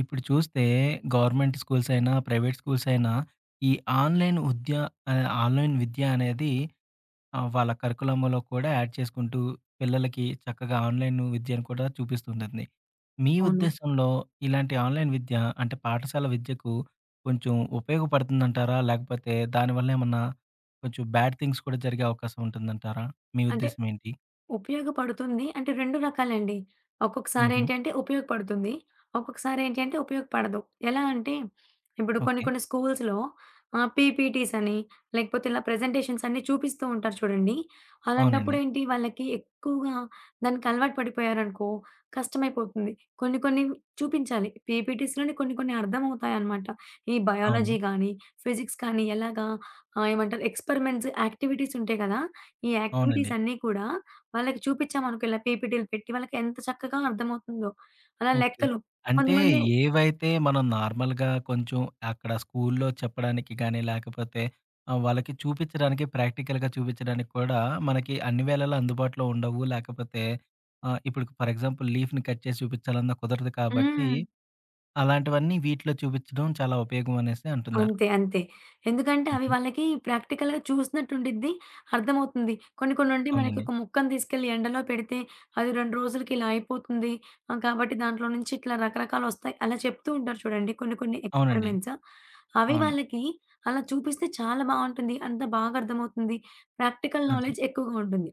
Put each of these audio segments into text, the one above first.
ఇప్పుడు చూస్తే government schools అయినా ప్రైవేట్ స్కూల్స్ అయినా ఈ ఆన్‌లైన్ ఉద్య అదే ఆన్‌లైన్ విద్యనేది ఆహ్, వాళ్ళ కరిక్యులమ్‌లో కూడా యాడ్ చేసుకుంటూ పిల్లలకి చక్కగా ఆన్‌లైను విద్యను కూడా చూపిస్తుంటుంది. మీ అవును. ఉద్దేశ్యంలో ఇలాంటి ఆన్‌లైన్ విద్య అంటే పాఠశాల విద్యకు కొంచెం ఉపయోగపడుతుందంటారా? లేకపోతే దానివల్లేమన్నా కొంచెం బ్యాడ్ థింగ్స్ కూడా జరిగే అవకాశం ఉంటుందంటారా? మీ అంటే, ఉద్దేశ్యమేంటి? ఉపయోగపడుతుంది. అంటే 2 రకాలండి. హుహు. ఒక్కొక్కసారేంటి అంటే ఉపయోగపడుతుంది. ఒక్కొక్కసారేంటి అంటే ఉపయోగపడదు. ఎలా అంటే ఇప్పుడు కొన్ని ఓకే. కొన్ని స్కూల్స్‌లో ఆహ్, పీపీటీసని, లేకపోతే ఇలా ప్రెజెంటేషన్స్ అన్నీ చూపిస్తూ ఉంటారు చూడండి. అవునండి. అలాంటప్పుడేంటి వాళ్ళకి ఎక్కువగా దానికలవాటు పడిపోయారనుకో కష్టమైపోతుంది. కొన్ని కొన్ని చూపించాలి. పీపీటీస్‌లోని కొన్ని కొన్ని అర్థమవుతాయనమాట. ఈ అవును. బయాలజీ కానీ, ఫిజిక్స్ కానీ ఎలాగా ఆహ్, ఏమంటారు ఎక్స్పరిమెంట్స్ యాక్టివిటీసుంటాయి గదా! ఈ అవునండి. యాక్టివిటీసన్నీ కూడా వాళ్ళకి చూపించామనుకో ఇలా పీపీటీలు పెట్టి వాళ్ళకేంత చక్కగా అర్థమవుతుందో, అలా ఓకే. లెక్కలు. అంటే కొంతమంది ఏవైతే మనం నార్మల్‌గా కొంచెం అక్కడ స్కూలు‌లో చెప్పడానికిగానీ లేకపోతే ఆహ్, వాళ్ళకి చూపిచ్చడానికి ప్రాక్టికల్‌గా చూపిచ్చడానికి కూడా మనకి అన్ని వేళల అందుబాటులో ఉండవు. లేకపోతే ఆహ్, ఇప్పుడుకు ఫర్ ఎగ్జాంపుల్ లీఫ్‌ని కట్ చేసి చూపిచ్చాలన్నా కుదరదు కాబట్టి హ్మ్. అలాంటివన్నీ వీటిలో చూపించడం చాలా ఉపయోగమనేసి అంటున్నారు. అంతే. అంతే. ఎందుకంటే అవి హుహు. వాళ్ళకి ప్రాక్టికల్‌గా చూసినట్టుండిద్ది అర్థమవుతుంది. కొన్ని కొన్ని ఉండి మనకి అవునండి. ఒక ముక్కని తీసుకెళ్లి ఎండలో పెడితే అది 2 రోజులకిలా అయిపోతుంది. ఆహ్, కాబట్టి దాంట్లో నుంచి ఇట్లా రకరకాలోస్తాయి. అలా చెప్తూ ఉంటారు చూడండి కొన్ని కొన్ని అవునండి. ఎక్స్పరిమెంట్స్. అవి అవును. వాళ్ళకి అలా చూపిస్తే చాలా బావుంటుంది. అంత బాగా అర్థమవుతుంది. ప్రాక్టికల్ అదే. నాలెడ్జ్ ఎక్కువగా ఉంటుంది.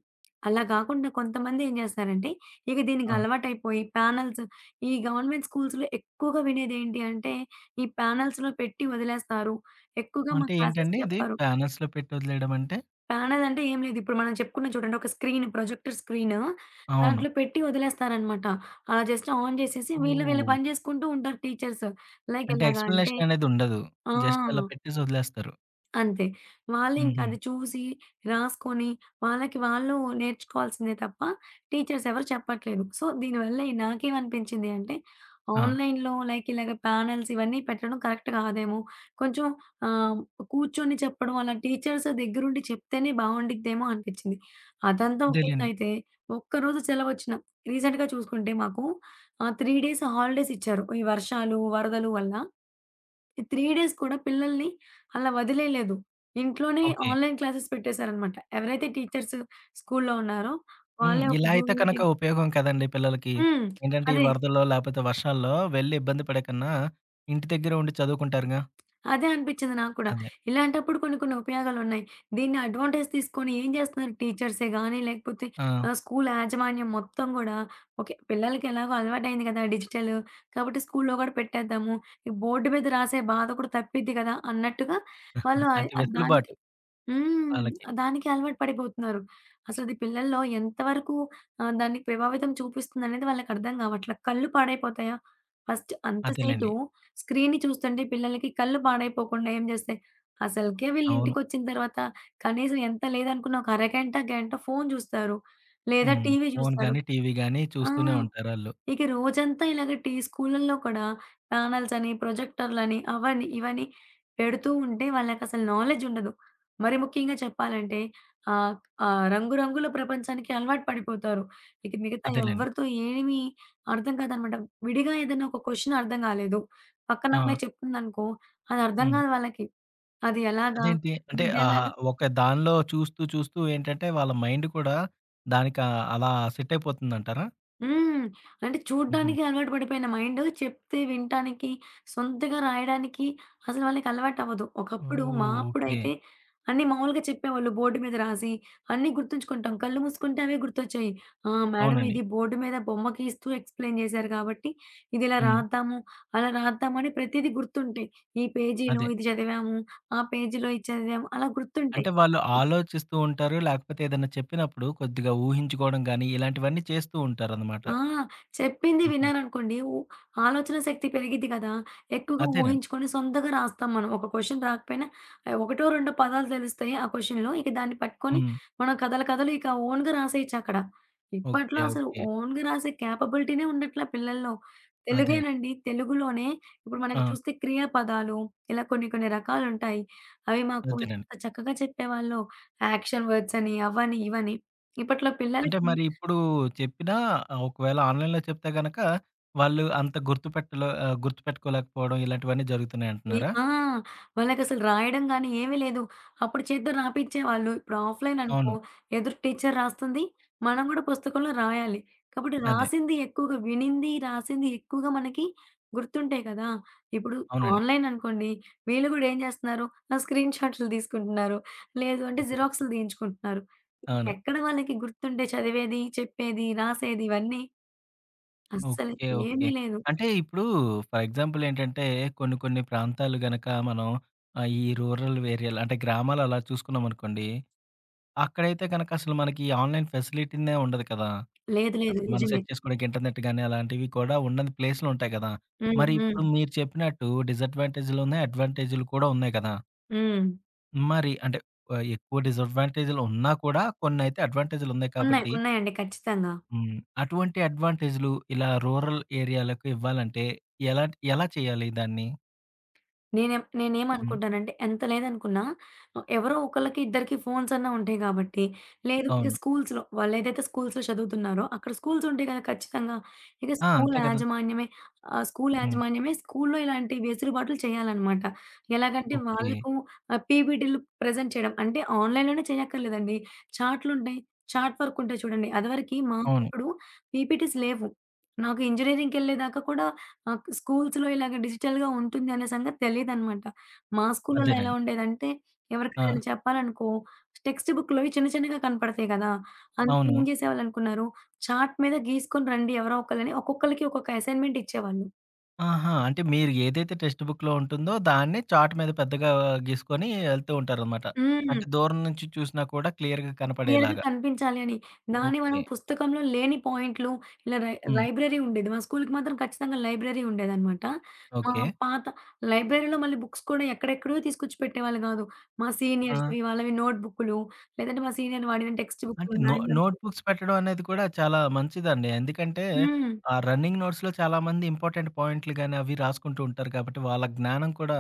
అలా గాకుండా కొంతమంది ఏం జేస్తారంటే ఇవి దీనికి ఆ! అలవాటైపోయి ప్యానెల్స్, ఈ గవర్నమెంట్ స్కూల్స్‌లో ఎక్కువగా వినేదేంటి అంటే ఈ ప్యానెల్స్‌లో పెట్టి వదిలేస్తారు. ఎక్కువగా మా అంటే క్లాసెస్ ఏంటండి? ఇది చెప్పరు. ప్యానెల్స్‌లో పెట్ట ఒదిలేయడమంటే? ప్యానెలంటే ఏం లేదు. ఇప్పుడు మనం చెప్పుకున్నాం చూడండి ఒక స్క్రీన్, ప్రొజెక్టర్ స్క్రీను అవును. దాంట్లో పెట్టి వదిలేస్తారనమాట. అలా జస్ట్ ఆన్ జేసేసి వీళ్ళు వీళ్ళ ఓహ్! పని జేసుకుంటూ ఉంటారు టీచర్స్. లైక్ అంటే ఎలాగా అంటే ఎక్స్‌ప్లేనేషననేది ఉండదు. ఆ! జస్ట్ అలా పెట్టేసి ఒదిలేస్తారు. అంతే. వాళ్ళింక అది హుహు. చూసి, రాసుకొని వాళ్ళకి వాళ్ళు నేర్చుకోవాల్సిందే తప్ప టీచర్స్ ఎవరు చెప్పట్లేదు. సో, దీనివల్ల నాకేమనిపించింది అంటే, ఆ! ఆన్‌లైన్‌లో లైక్ ఇలాగ ప్యానెల్స్ ఇవన్నీ పెట్టడం కరెక్ట్ కాదేమో. కొంచెం ఆహ్, కూర్చొని చెప్పడం అలా టీచర్స్ దెగ్గరండి చెప్తేనే బావుండిద్దేమో అనిపిచ్చింది. అదంతా అదేలెండి. ఒకేత్తయితే ఒక్కరోజు సెలవు ఒచ్చిన రీసెంట్‌గా చూసుకుంటే మాకు ఆహ్, 3 డేస్ హాలిడేస్ ఇచ్చారు. ఈ వర్షాలు, వరదలు వల్ల. ఈ 3 డేస్ కూడా పిల్లల్ని అలా వదిలేయలేదు. ఇంట్లోనే ఓకే. Online classes పెట్టేశారనమాట. ఎవరైతే టీచర్స్ స్కూలులో ఉన్నారో, హ్మ్. వాళ్ళే ఒక ఇలా అయితే జూమ్ కనుక మీటింగ్ ఉపయోగం కదండీ! పిల్లలకి. హ్మ్. ఏంటంటే, ఈ అది వరదల్లో లాపోతే వర్షాల్లో వెళ్లి ఇబ్బంది పడేకన్నా, ఇంటి దగ్గర ఉండి చదువుకుంటారుగా. అదే అనిపించింది నా కూడా. అదే. ఇలాంటప్పుడు కొన్ని కొన్ని ఉపయోగాలు ఉన్నాయి. దీన్ని అడ్వాంటేజ్ తీసుకొని ఏం చేస్తున్నారు టీచర్సే గానీ, లేకపోతే ఆ! ఆహ్, స్కూలు యాజమాన్యం మొత్తం గూడా, ఓకే. పిల్లలకి ఎలాగో అలవాటయింది కదా! డిజిటలు. కాబట్టి స్కూలులో కూడా పెట్టేద్దాము. ఈ బోర్డు మీద రాసే బాధ కూడా తప్పిద్ది కదా! అన్నట్టుగా వాళ్ళు ఆహ్, అంటే వెసులు దానికి బాటు. హ్మ్. వాళ్ళకి. దానికి అలవాటు పడిపోతున్నారు. అసలు అది పిల్లల్లో ఎంతవరకు ఆహ్, దాన్ని ప్రభావితం చూపిస్తుందనేది వాళ్ళకి అర్థం గావట్లా కళ్ళు పాడైపోతాయా? ఫస్ట్ అంతసేటు, అదేలెండి. స్క్రీన్ని చూస్తుంటే పిల్లలకి కళ్ళు పాడైపోకుండా ఏం జేస్తాయి అసలకే వీళ్ళ అవును. ఇంటికొచ్చిన తర్వాత కనీసం ఎంత లేదనుకున్నా ఒక అరగంట గంట ఫోను జూస్తారు. లేదా హ్మ్. టీవీ ఫోను చూస్తారు. గానీ, టీవీ గాని ఆ! చూస్తూనే ఉంటారాళ్ళు. ఇక రోజంతా ఇలాగ టి స్కూలల్లో కూడా ప్యానెల్స్ అని, ప్రొజెక్టరులని, అవన్న ఇవన్నీ పెడుతూ ఉంటే, వాళ్ళకసలు నాలెడ్జ్ ఉండదు. మరి ముఖ్యంగా చెప్పాలంటే ఆహ్, ఆహ్, రంగు రంగులో ప్రపంచానికి అలవాటు పడిపోతారు. ఇక మిగతా అదేలెండి. ఎవ్వరితో ఏమీ అర్థం కాదనమాట. విడిగా ఏదైనా ఒక కొశ్చన్ అర్థం కాలేదు. పక్కన ఆ! అమ్మాయి చెప్తుందనుకో, అదర్థం హ్మ్. గాదు వాళ్ళకి. అది ఎలాగా, అదేంటి? అంటే ఆహా! ఇదేలాగా. ఒక దానిలో చూస్తూ చూస్తూ ఏంటంటే, వాళ్ళ మైండ్ కూడా, దానికి అలా సెట్ అయిపోతుందంటారా? హ్మ్. అంటే హుహు. చూడ్డానికి అలవాటు పడిపోయిన మైండు చెప్తే వినటానికి సొంతగా రాయడానికి అసలు వాళ్ళకి అలవాటు అవ్వదు. ఓహ్! ఒకప్పుడు మా ఓకే. అప్పుడైతే, అన్నీ మామూలుగా చెప్పేవాళ్ళు బోర్డు మీద రాసి అన్నీ గుర్తుంచుకుంటాం. కళ్ళు మూసుకుంటే అవే గుర్తొచ్చాయి. ఆ! మేడమ్ అవునండి. ఇది బోర్డు మీద బొమ్మకి ఇస్తూ ఎక్స్‌ప్లైయిన్ జేశారు కాబట్టి ఇది ఇలా హ్మ్. రాద్దాము. అలా రాద్దామని ప్రతీదీ గుర్తుంటాయి. ఈ పేజీలో అదే. ఇది చదివాము. ఆ పేజీలో ఇది చదివాము అలా గుర్తుంటాయి. అంటే వాళ్ళు ఆలోచిస్తూ ఉంటారు. లేకపోతే ఏదైనా చెప్పినప్పుడు కొద్దిగా ఊహించుకోవడం గానీ ఇలాంటివన్నీ చేస్తూ ఉంటారనమాట. ఆ! చెప్పింది హుహు. విన్నాననుకోండి. ఉ ఆలోచనా శక్తి పెరిగిద్ది గదా! ఎక్కువగా అదేనండి. ఊహించుకొని సొంతగా రాస్తాం మనం. ఒక క్వశ్చన్ రాకపోయినా. ఆహ్, ఒకటో రెండో పదాలు తెలుస్తాయి ఆ క్వెషన్లో ఇక దాన్ని పట్టుకొని హ్మ్. మనం కథల కథలు ఇక ఓన్‌గా రాసేయొచ్చు అక్కడ. ఇప్పట్లో ఓకే, అసలు ఓకే. ఓన్‌గా రాసే క్యాపబిలిటీనే ఉండట్లా పిల్లల్లో. అదే. తెలుగేనండి. తెలుగులోనే ఇప్పుడు మనకి ఆ! చూస్తే క్రియా పదాలు ఇలా కొన్ని కొన్ని రకాలుంటాయి. అవి మాకు వద్దునండి. ఎంత చక్కగా చెప్పేవాళ్ళో. యాక్షన్ వర్డ్స్ అని. అవ్వని ఇవని. ఇప్పట్లో అంటే పిల్లలకి మరి ఇప్పుడు చెప్పినా ఆహ్, ఒకవేళ ఆన్‌లైన్లో చెప్తే గనుక వాళ్ళు అంత గుర్తుపెట్టలో ఆహ్, గుర్తుపెట్టుకోలేకపోవడం. ఇలాంటివన్నీ ఈ జరుగుతున్నాయింటున్నారా? ఆ! వాళ్ళకసలు రాయడంగానీ ఏమీ లేదు. అప్పుడు చేత్తో రాపిచేవాాళ్ళు. ఇప్పుడు ఆఫ్‌లైన్ అనుకో అవును. ఎదురు టీచరు రాస్తుంది. మనం కూడా పుస్తకంలో రాయాలి. కాబట్టి అదే. రాసింది ఎక్కువగా వినింది రాసింది ఎక్కువగా మనకి గుర్తుంటాయి కదా! ఇప్పుడు అవునండి. ఆన్‌లైన్ అనుకోండి, వీళ్ళు గూడా ఏం జేస్తున్నారు? ఆ స్క్రీన్ షాట్లు తీసుకుంటున్నారు. లేదు అంటే జిరాక్సులు తీయించుకుంటున్నారు. ఇంక అవును. ఎక్కడ వాళ్ళకి గుర్తుండే, చదివేది, చెప్పేది, రాసేది ఇవన్నీ? అస్సలు ఓకే, ఓకే. ఏమీ లేదు. అంటే ఇప్పుడు ఫర్ ఎగ్జాంపుల్ ఏంటంటే. కొన్ని కొన్ని ప్రాంతాలు గనుక మనం ఆహ్, ఈ రూరల్ ఏరియలు అంటే గ్రామాలు అలా చూసుకున్నామనుకోండి? అక్కడైతే గనక అసలు మనకి ఈ ఆన్‌లైన్ ఫెసిలిటీనే ఉండదు కదా! లేదు లేదు. అసలు మనం నిజమే. సెట్ చేసుకోడానికి ఇంటర్నెట్ గానీ అలాంటివి కూడా ఉనడని ప్లేసులు ఉంటాయి కదా! హ్మ్, మరి హ్మ్. ఇప్పుడు మీరు చెప్పినట్టు డిసడ్వాంటేజులు అడ్వాంటేజూలు కూడా ఉన్నాయి కదా! హ్మ్. మరి అంటే ఆహ్, ఎక్కువ డిసడ్వాంటేజులున్నా కూడా కొన్నైతే అడ్వాంటేజులున్నాయి ఉన్నాయి. కాబట్టి ఉన్నాయండి ఖచ్చితంగా. హ్మ్. అటువంటి అడ్వాంటేజులు ఇలా రూరల్ ఏరియాలకు ఇవ్వాలంటే ఎలాంట ఎలా చేయాలి దాన్ని? నేనెం హ్మ్. నేనేమనుకుంటానంటే ఎంత లేదనుకున్నా ఎవరో ఒకళ్ళకి ఇద్దరికి ఫోన్సన్నా ఉంటాయి కాబట్టి, లేదు ఇక అవును. స్కూల్సులో వాళ్ళేదైతే స్కూల్సులో చదువుతున్నారో అక్కడ స్కూల్సుంటాయి గదా ఖచ్చితంగా. ఇక ఆ! స్కూలు అంతే కదా! యాజమాన్యమే ఆహ్, స్కూలు హ్మ్. యాజమాన్యమే స్కూలులో ఇలాంటి వెసులుబాట్లు చేయాలనమాట. ఎలాగంటే ఓకే. వాళ్ళకు ఆహ్, పీపీటీలు ప్రెజెంట్ చేయడం. అంటే ఆన్‌లైన్‌లోనే చేయక్కర్లేదండి. చార్టులుంటాయి, చాట్ వర్కుంటాయి చూడండి. అదివరకి అవును. మాకప్పుడు పీపీటీస్ లేవు. నాకు ఇంజినీరింగ్‌కెళ్ళేదాకా కూడా ఆ క్ స్కూల్సులో ఇలాగ డిజిటల్‌గా ఉంటుంది అనే సంగతి తెలీదనమాట. మా స్కూల్లళ్ళో ఎలా అదేనండి. ఉండేదంటే ఎవరికి ఆ! ఏదైనా చెప్పాలనుకో, టెక్స్ట్ బుక్కులోవి చిన్న చిన్నగా కనపడతాయి కదా! అందుకనేం అవును. చేసేవాళ్ళనుకున్నారు చాట్ మీద గీసుకొని రండి ఎవరో ఒకళని ఒక్కొక్కళ్ళకి ఒక్కొక్క అసైన్మెంటిచ్చేవాళ్ళు. ఆహా! అంటే మీరు ఏదైతే టెస్ట్‌బుక్కులో ఉంటుందో దాన్ని చాట్ మీద పెద్దగా గీసుకొని ఎళ్తూ ఉంటారనమాట. హ్మ్. అంటే దూరం నుంచి చూసినా కూడా క్లియర్‌గా క్లియర్‌గా కనపడేలాగా. కనిపించాలి అని. దాని ఓకే. మనం పుస్తకంలో లేని పాయింట్లు ఇలా రై హ్మ్. లైబ్రరీ ఉండేది. మా స్కూలికి మాత్రం ఖచ్చితంగా లైబ్రరీ ఉండేదనమాట. మా ఓకే. పాత లైబ్రరీలో మళ్ళీ బుక్స్ కూడా ఎక్కడెక్కడవో తీసుకొచ్చి పెట్టేవాళ్ళు గాదు. మా ఆ! సీనియర్స్‌వి వాళ్ళవి నోట్ బుక్కులు లేదంటే మా సీనియర్లు వాడిన టెక్స్ట్ అంటే బుక్కులు, నొ మ్యాన్యువల్స్ నోట్‌బుక్స్ పెట్టడం అనేది కూడా చాలా మంచిదండి. ఎందుకంటే హ్మ్. ఆహ్, రన్నింగ్ నోట్స్‌లో చాలామంది ఇంపార్టెంట్ పాయింట్లు గాని అవి రాసుకుంటూ ఉంటారు కాబట్టి, వాళ్ళ జ్ఞానం కూడా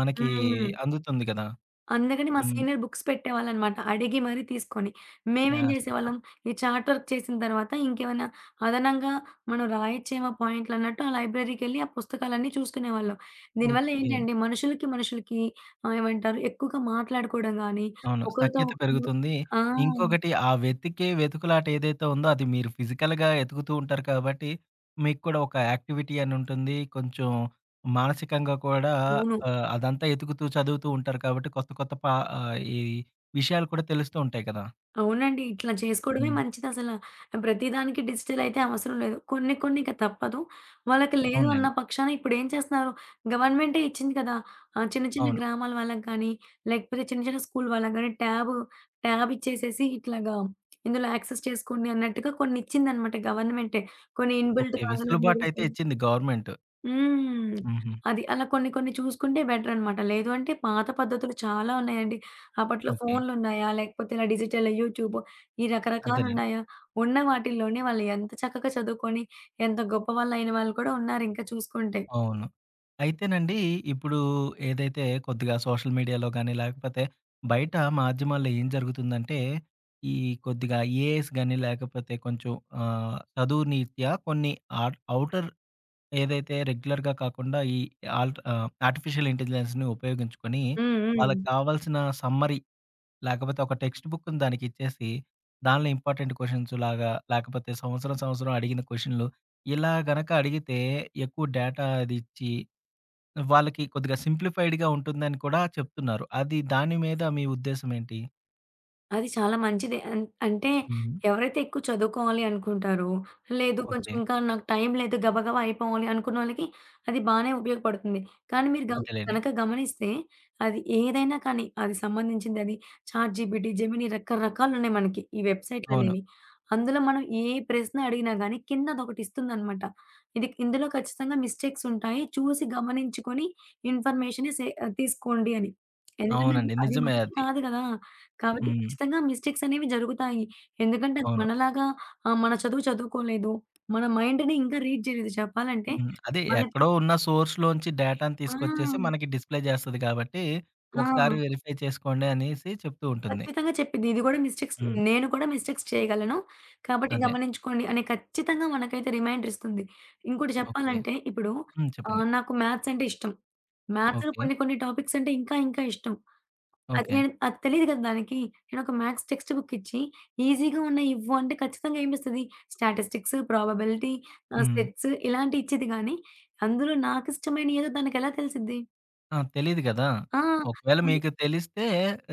మనకి హ్మ్. అందుతుంది కదా! అందుకని మా హ్మ్. సీనియర్ బుక్స్ పెట్టేవాళ్ళనమాట, అడిగి మరి తీసుకొని. మేమేం యాహ్! సూపర్! జేసేవాళ్ళం ఈ చాట్ వర్క్ చేసిన తర్వాత ఇంకేమన్నా అదనంగా మనం రాయొచ్చేమో పాయింట్లన్నట్టు ఆ లైబ్రరీకెళ్ళి ఆ పుస్తకాలన్నీ చూసుకునేవాళ్ళం. దీనివల్ల ఓకే. ఏంటంటే మనుషులకి, మనుషులకి ఆహ్, ఏమంటారు ఎక్కువగా మాట్లాడుకోవడం గాని అవును. ఒకళ్ళతో సఖ్యత ఒకళ్ళు పెరుగుతుంది. ఆ! ఇంకొకటి ఆ వెతికే వెతుకులాట ఏదైతే ఉందో అది మీరు ఫిజికల్‌గా వెతుకుతూ ఉంటారు కాబట్టి, మీకు కూడా ఒక యాక్టివిటీ అనుంటుంది. కొంచెం, మానసికంగా కూడా అవును. ఆహ్, అదంతా ఎతుకుతూ చదువుతూ ఉంటారు కాబట్టి కొత్త కొత్త పా ఆహ్, ఈ విషయాలు కూడా తెలుస్తూ ఉంటాయి కదా! అవునండి. ఇట్లా చేసుకోవడమే హ్మ్. మంచిదసల. ప్రతిదానికి డిజిటలైతే అవసరం లేదు. కొన్ని కొన్ని ఇక తప్పదు. వాళ్ళకి లేదు అన్న అవునులెండి. పక్షాన ఇప్పుడు ఏం చేస్తున్నారు గవర్నమెంటే ఇచ్చింది కదా! ఆహ్, చిన్న చిన్న అవును. గ్రామాల వాళ్ళకి కానీ, లేకపోతే చిన్న చిన్న స్కూలు వాళ్ళకి గానీ ట్యాబు, ట్యాబిచ్చేసేసి ఇట్లాగా ఇందులో యాక్సెస్ చేసుకోండి అన్నట్టుగా కొన్నిచ్చిందనమాట గవర్నమెంటే. కొన్ని ఓకే. ఇన్‌బిల్ట్‌లాగా అందులో వెసులుబాటైతే [unintelligible] ఇచ్చింది గవర్నమెంటు. హ్మ్. హుహు. అది. అలా కొన్ని కొన్ని చూసుకుంటే బెటరనమాట. లేదు అంటే పాత పద్ధతులు చాలా ఉన్నాయండి. అప్పట్లో ఓకే. ఫోన్లున్నాయా? లేకపోతే ఇలా డిజిటలు, యూట్యూబు ఈ అదేలెండి. రకరకాలున్నాయా? ఉన్న వాటిల్లోనే వాళ్ళు ఎంత చక్కగా చదువుకొని ఎంత గొప్పవాళ్ళయిన వాళ్ళు కూడా ఉన్నారు ఇంకా చూసుకుంటే. అవును. అయితేనండి ఇప్పుడు ఏదైతే కొద్దిగా సోషల్ మీడియాలో గానీ, లేకపోతే బయట మాధ్యమాల్లో ఏం జరుగుతుందంటే ఈ కొద్దిగా ఏఐస్ గాని, లేకపోతే కొంచెం ఆహ్, చదువు నీత్యా కొన్ని ఆట్ అవుటర్ ఏదైతే రెగ్యులర్‌గా కాకుండా ఈ ఆల్ట్ ఆహ్, ఆర్టిఫిషియల్ ఇంటెలిజెన్స్‌ని ఉపయోగించుకొని హ్మ్. వాళ్ళకి హ్మ్. కావాల్సిన సమ్మరి, లేకపోతే ఒక టెక్స్ట్ బుక్కుని దానికిచ్చేసి. దానిలో ఇంపార్టెంట్ క్వెషన్స్‌లాగా లేకపోతే సంవత్సరం, సంవత్సరం అడిగిన క్వెషన్లు ఇలా గనుక అడిగితే ఎక్కువ డేటా అదిచ్చి, వాళ్ళకి కొద్దిగా సింప్లిఫైడ్‌గా ఉంటుందని కూడా చెప్తున్నారు. అది దాని మీద మీ ఉద్దేశం ఏంటి? అది చాలా మంచిదే. అన్ అంటే హుహు. ఎవరైతే ఎక్కువ చదువుకోవాలి అనుకుంటారో లేదు కొంచెం ఓకే. ఇంకా నాకు టైం లేదు గబగబా అయిపోవాలి అనుకున్న వాళ్ళకి అది బానే ఉపయోగపడుతుంది. కానీ మీరు గ అదేలెండి. గనక గమనిస్తే అది ఏదైనా కానీ అది సంబంధించిందది చాట్‌జీపీటీ, జెమిని రకరకాలున్నాయి మనకి ఈ అవును. వెబ్‌సైట్‌లనేవి. అందులో మనం ఏ ప్రశ్న అడిగినా గానీ కింద అదొకటి ఇస్తుందనమాట. ఇది ఇందులో ఖచ్చితంగా మిస్టేక్స్ ఉంటాయి. చూసి గమనించుకొని ఇన్ఫర్మేషనే సే తీసుకోండి అని ఎందుకంటే, అది అవునండి. అది నిజమే మనిషి అది. కాదు గదా! కాబట్టి హ్మ్. ఖచ్చితంగా మిస్టేక్స్ అనేవి జరుగుతాయి. ఎందుకంటే, అది అవును. మనలాగా ఆహ్, మన చదువు చదువుకోలేదు. మన మైండ్‌ని ఇంకా రీడ్ జేయలేదు చెప్పాలంటే హ్మ్. అదే మనకి ఎక్కడో ఉన్న సోర్స్‌లో నుంచి డేటాను తీసుకొచ్చేసి ఆ! మనకి డిస్‌ప్లే చేస్తది కాబట్టి, ఆ! ఒకసారి వెరిఫై చేసుకోండి అనేసి చెప్తూ ఉంటుంది. ఖచ్చితంగా చెప్పిద్ది. ఇది గూడా మిస్టేక్స్ హ్మ్. నేను కూడా మిస్టేక్స్ చేయగలను. కాబట్టి అదే. గమనించుకోండి అని ఖచ్చితంగా మనకైతే రిమైండరిస్తుంది. ఇంకోటి ఓకే. చెప్పాలంటే ఇప్పుడు హ్మ్. చెప్పండి. ఆహ్, నాకు మ్యాథ్సంటే ఇష్టం. మ్యాథ్స్‌లో ఓకే. కొన్ని కొన్ని టాపిక్సంటే ఇంకా ఇంకా ఇష్టం. అది ఓకే. నేను అది తెలీదు కదా దానికి. నేను ఒక మ్యాథ్స్ టెక్స్ట్ బుక్ ఇచ్చి ఈజీగా ఉన్నయి ఇవ్వు అంటే, ఖచ్చితంగా ఏమిస్తది. స్టాటిస్టిక్స్, ప్రాబబిలిటీ ఆహ్, హ్మ్. సెట్స్ ఇలాంటియి ఇచ్చిద్ది గానీ, అందులో నాకిష్టమైన ఏదో దానికెలా తెలిసిద్ది? ఆ! తెలీదు గదా! ఆ! ఒకవేళ అది. మీకు తెలిస్తే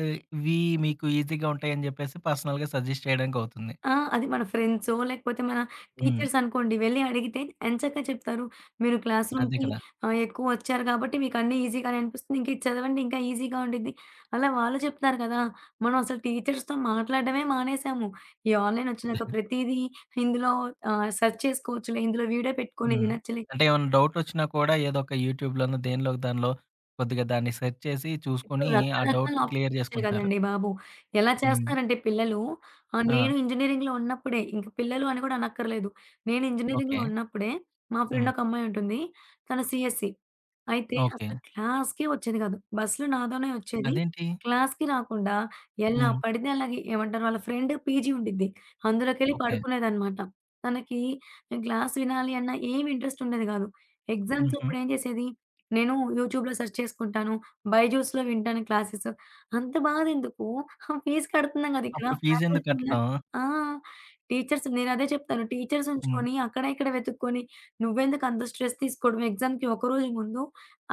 ఆహ్, ఇవి మీకు ఈజీగా ఉంటాయిని చెప్పేసి పర్సనల్‌గా సజెస్ట్ చేయడానికి అవుతుంది. ఆ! అది మన ఫ్రెండ్సో లేకపోతే మన హ్మ్. టీచర్సనుకోండి వెళ్లి అడిగితే ఎంచక్క చెప్తారు. మీరు అదే క్లాస్‌రూమ్‌కి కదా! ఆహ్, ఎక్కువ ఒచ్చారు కాబట్టి మీకన్నీ ఈజీగానె అనిపిస్తుంది. ఇంక ఇది చదవండి ఇంకా ఈజీగా ఉండిద్ది. అలా వాళ్ళు చెప్తారు గదా. మనం అసలు టీచర్స్‌తో మాట్లాడడమే మానేసాము. ఈ ఆన్లైనొచ్చినంక ప్రతీదీ ఇందులో ఆహ్, సెర్చ్ చేసుకోవచ్చులే, ఇందులో వీడియో పెట్టుకొని హ్మ్. వినొచ్చులే. అంటే, ఏమన్నా డౌటొచ్చినా కూడా ఏదో ఒక యూట్యూబ్‌లోను దేనిలోకి దానిలో, కొద్దిగా దాన్ని సెర్చ్ చేసి ఇప్పుడు చూసుకొని, ఆ రకరకాల డౌట్‌ని క్లియర్ అప్షన్సొచ్చాయి జేసుకుంటున్నారు. కదండీ బాబు. ఎలా హ్మ్. చేస్తారంటే, పిల్లలు ఆహ్, ఆ! నేను ఇంజనీరింగ్‌లో ఉన్నప్పుడే ఇంక పిల్లలు అని కూడా అనక్కర్లేదు. నేను ఓకే. ఇంజనీరింగ్‌లో ఉన్నప్పుడే మా హ్మ్. ఫ్రెండొక అమ్మాయుంటుంది. తను సీఎస్ఈ. అయితే ఓకే. అసలు క్లాస్‌కే ఒచ్చేది కాదు. బస్‌లో నాతోనే వచ్చేది. అదేంటి? క్లాస్‌కి రాకుండా, ఎలా హ్మ్. పడితే అలాగి ఏమంటారు వాళ్ళ ఫ్రెండ్ పీజీ ఉండిద్ది. అందులోకెళ్ళి ఓకే. పడుకునేదనమాట. తనకి క్లాస్ వినాలి అన్న ఏం ఇంట్రెస్టుండేది కాదు. హుహు. ఎగ్జామ్సప్పుడు ఏం చేసేది, నేను యూట్యూబ్‌లో సెర్చ్ చేసుకుంటాను. బైజూస్‌లో వింటాను క్లాసెస్. అంత బాధెందుకు, ఆ ఫీస్ కడుతుందాం కద ఇక్కడ. అప్పుడు ఫీజెందుకు ఫ్యాకల్టీ కట్టడం? ఉన్నారు ఆ! టీచర్స్. నేనదే చెప్తాను. టీచర్స్ హ్మ్. ఉంచుకొని అక్కడ ఇక్కడ వెతుక్కొని, నువ్వెందుకు అంత స్ట్రెస్ తీసుకోవడం ఎగ్జామ్‌కి ఒకరోజు ముందు,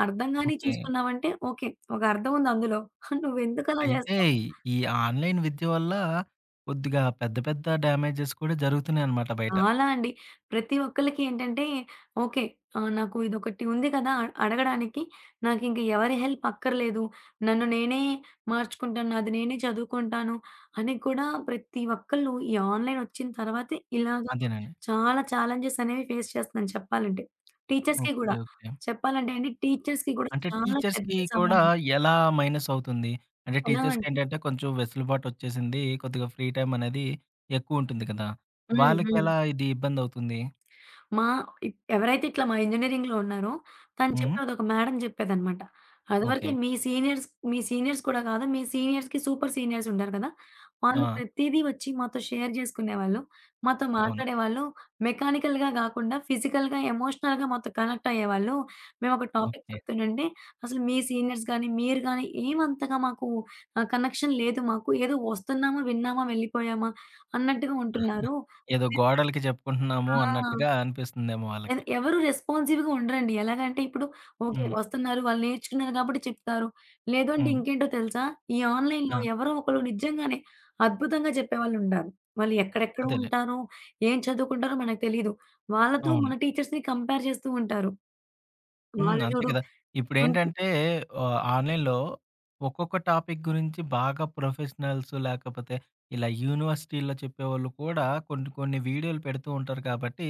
అర్థంగానివి ఓకే. చూసుకున్నావంటే ఓకే. ఒక అర్థం ఉంది అందులో. నువ్వెందుకులా అయితే, జేస్తావు? ఈ ఆన్లైన్ విద్య వల్ల కొద్దిగా పెద్ద పెద్ద డ్యామేజెస్ కూడా జరుగుతున్నాయి అనమాట బయట. చాలా అండి. ప్రతి ఒక్కళ్ళకి ఏంటంటే, ఓకే. ఆహ్, నాకు ఇదొకటి ఉంది కదా! అ అడగడానికి. నాకు ఇంక ఎవరి హెల్ప్ అక్కర్లేదు. నన్ను నేనే మార్చుకుంటాను. నాది నేనే చదువుకుంటాను అని కూడా ప్రతి ఒక్కళ్ళు ఈ ఆన్లైనొచ్చిన తర్వాతే ఇలాగా అదేనండి. చాలా ఛాలెంజెస్ అనేవి ఫేస్ చేస్తున్నాను చెప్పాలంటే. టీచర్స్‌కి ఓకే. గూడా. ఓకే. చెప్పాలంటే అండి టీచర్స్‌కి కూడా అంటే, చాలా పెద్ద టీచర్స్‌కి కూడా సవాల్లు. ఎలా మైనసవుతుంది? అంటే అలా అండి. టీచర్స్‌కేంటంటే కొంచెం వెసులుబాటొచ్చేసింది. కొద్దిగా ఫ్రీ టైమ్ అనేది ఎక్కువ ఉంటుంది కదా. హ్మ్. వాళ్ళకి హ్మ్. ఎలా ఇది ఇబ్బందవుతుంది? మా ఇ ఎవరైతే ఇట్లా మా ఇంజినీరింగ్‌లో ఉన్నారో తను హ్మ్. చెప్పేది, ఒక మ్యాడమ్ చెప్పేదనమాట. ఓకే. అదివరకే మీ సీనియర్స్ మీ సీనియర్స్ కూడా కాదు. మీ సీనియర్స్‌కి, సూపర్ సీనియర్స్ ఉంటారు కద. వాళ్ళు ఆ! ప్రతీదీ వచ్చి మాతో షేర్ జేసుకునేవాళ్ళు, మాతో అవును. మాట్లాడేవాళ్ళు, మెకానికల్‌గా కాకుండా ఫిజికల్‌గా, ఎమోషనల్‌గా మాతో కనెక్టయ్యేవాళ్ళు. మేమొక టాపిక్ ఓకే. చెప్తుండంటే అసలు మీ సీనియర్స్ గాని, మీరు గాని ఏమంతగా మాకు ఆహ్, కనెక్షన్ లేదు మాకు. ఏదో ఒస్తున్నామా, విన్నామా, వెళ్ళిపోయామా. అన్నట్టుగా ఉంటున్నారు. ఏదో ఆహ్, గోడలకి చెప్పుకుంటున్నాము ఆ! అన్నట్టుగా అనిపిస్తుందేమో ఎదు వాళ్ళకి. ఎవరు రెస్పాన్సివ్‌గా ఉండరండి. ఎలాగంటే ఇప్పుడు, ఓకే హ్మ్. ఒస్తున్నారు వాళ్ళు నేర్చుకున్నారు గాబట్టి చెప్తారు. లేదు అంటే హ్మ్. ఇంకేంటో తెలుసా? ఈ ఆన్లైన్‌లో ఆ! ఎవరో ఒకళ్ళు నిజంగానే, అద్భుతంగా చెప్పేవాళ్ళుండారు. వాళ్ళు ఎక్కడెక్కడ అదేలే. ఉంటారో, ఏం చదువుకుంటారో మనకు తెలీదు. వాళ్ళతో అవును. మా టీచర్స్‌ని కంపేర్ చేస్తూ ఉంటారు. హ్మ్. వాళ్ళు అంతే జూడు, కద. అంత ఇప్పుడేంటంటే ఆహ్, ఆన్లైన్‌లో ఒక్కొక్క టాపిక్ గురించి బాగా ప్రొఫెషనల్స్ లాకపోతే ఇలా యూనివర్సిటీలో చెప్పేవాళ్ళు కూడా కొన్ని కొన్ని వీడియోలు పెడుతూ ఉంటారు కాబట్టి,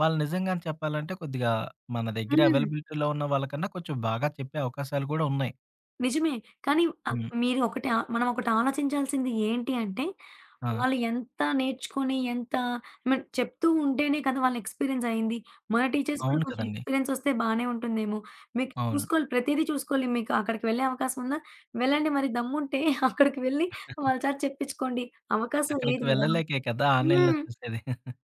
వాళ్ళు నిజంగానే చెప్పాలంటే కొద్దిగా మన దెగ్గర హ్మ్. అవైలబిలిటీలో ఉన్న వాళ్ళకన్నా కొంచెం బాగా చెప్పే అవకాశాలు కూడా ఉన్నాయి. నిజమే. కానీ ఆహ్, హ్మ్. మీరు ఒకటి ఆ మనం ఒకటాలోచించాల్సింది ఏంటి అంటే, ఆ! వాళ్ళు ఎంత నేర్చుకొని, ఎంత మన్ చెప్తూ ఉంటేనే కదా! వాళ్ళ ఎక్స్‌పీరియన్స్ అయింది. మన టీచర్స్ కూడా అవును కొంచెం కదండీ. ఎక్స్‌పీరియన్సొస్తే బానే ఉంటుందేమో! మీకు అవును. చూసుకోలి, ప్రతీదీ చూసుకోలి. మీకు అక్కడికి వెళ్ళే అవకాశం ఉందా? వెళ్ళండి మరి దమ్ముంటే అక్కడికి వెళ్ళి వాళ్ళచేత చెప్పించుకోండి అవకాశం అక్కడికి లేదు కదా! వెళ్ళలేకే కదా! ఆన్‌లైన్‌లో హ్మ్. చూసేది.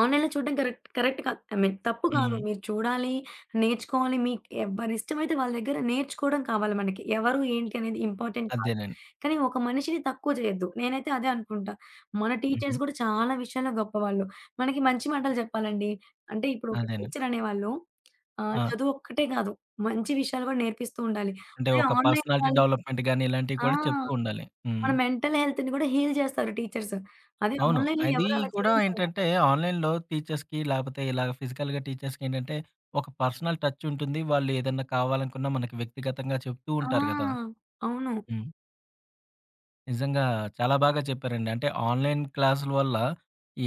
ఆన్‌లైన్‌లో చూడడం కరెక్ట్ కరెక్ట్ కాదు. ఐ మీన్ తప్పు కాదు. హ్మ్. మీరు చూడాలి, నేర్చుకోవాలి, మీకు ఎవ్వరిష్టమైతే వాళ్ళ దగ్గర నేర్చుకోవడం కావాలి మనకి. ఎవరు, ఏంటి అనేది ఇంపార్టెంట్ కాదు. అదేనండి. కానీ ఒక మనిషిని తక్కువ చేయొద్దు. నేనైతే అదే అనుకుంటా. మన హుహు. టీచర్స్ కూడా చాలా విషయాల్లో గొప్పవాళ్ళు. మనకి మంచి మాటలు చెప్పాలండి. అంటే ఇప్పుడు ఒక అదేనండి. టీచ్చరనేవాళ్ళు ఆహ్, ఆ! చదువొక్కటే కాదు, మంచి విషయాలు కూడా నేర్పిస్తూ ఉండాలి. అంటే, అదే ఒక ఆన్‌లైన్‌లో పర్సనాలిటీ వాళ్ళు డెవలప్మెంట్ గానీ ఇలాంటివి ఆ! కూడా చెప్తూ ఉండాలి. మన హ్మ్. మెంటల్ హెల్త్‌ని కూడా హీల్ చేస్తారు టీచర్స్. అది అవును. ఆన్‌లైన్‌లో అదీ ఎవరు అలా కూడా చేయరు కదా! ఏంటంటే, ఆన్‌లైన్‌లో టీచర్స్‌కి లేకపోతే ఇలాగ ఫిజికల్‌గా టీచర్స్‌కి ఏంటంటే, ఒక పర్సనల్ టచ్చుంటుంది, వాళ్ళు ఏదన్నా కావాలనుకున్నా మనకి వ్యక్తిగతంగా చెప్తూ ఆ! ఉంటారు కదా! అవును. హ్మ్. నిజంగా చాలా బాగా చెప్పారండి. అంటే ఆన్‌లైన్‌ క్లాసుల వల్ల,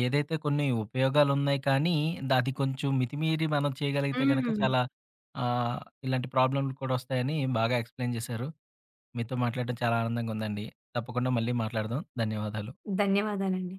ఏదైతే కొన్ని ఉపయోగాలున్నయి కానీ, అది కొంచెం మితిమీరి మనం చేయగలిగితే గనుక హ్మ్. చాలా ఆహ్, ఇలాంటి ప్రాబ్లమ్లు కూడా వస్తాయని బాగా ఎక్స్‌ప్లెయిన్ చేసారు. మీతో మాట్లాడడం చాలా ఆనందంగా ఉందండి. తప్పకుండా మళ్ళీ మాట్లాడదాం. ధన్యవాదాలు. ధన్యవాదాలండి.